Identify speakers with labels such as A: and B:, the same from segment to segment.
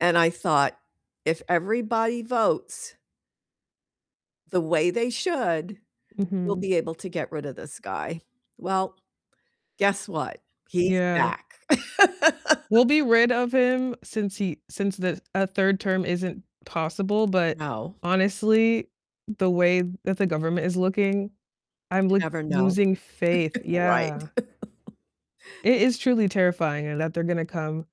A: And I thought, "If everybody votes" "the way they should, we'll
B: Mhm.
A: be able to get rid of this guy." Well, guess what? He's
B: Yeah.
A: back.
B: We'll be rid of him since he since the a 3rd term isn't possible, but
A: No.
B: honestly, the way that the government is looking, I'm,
A: You
B: like,
A: never know.
B: losing faith
A: Right.
B: yeah. It is truly terrifying that they're gonna come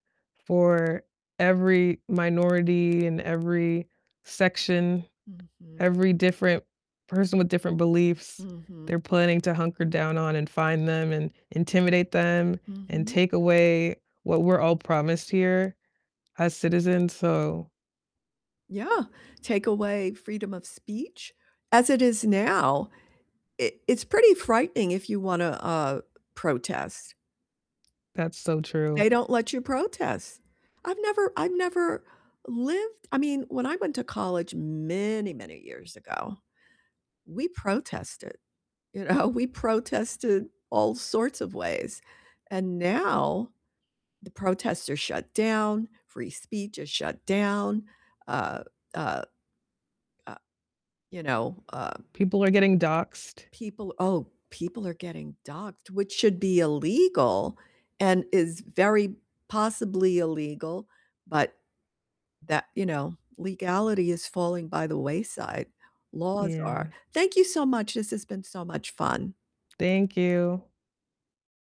B: for every minority and every section,
A: Mhm.
B: every different person with different beliefs,
A: Mhm.
B: they're planning to hunker down on and find them, and intimidate them, and
A: Mhm.
B: take away what we're all promised here as citizens, so
A: Yeah, take away freedom of speech, as it is now, it it's pretty frightening if you wanna, uh, protest.
B: That's so true.
A: They don't let you protest. I've never I've never lived I mean, when I went to college many, many years ago, we protested, you know, we protested all sorts of ways, and now the protests are shut down, free speech is shut down, uh uh uh, you know, uh
B: People are getting doxxed.
A: people Oh, people are getting doxxed, which should be illegal, and is very possibly illegal, but that you know, legality is falling by the wayside, laws are.
B: Yeah.
A: Thank you so much, this has been so much fun.
B: Thank you.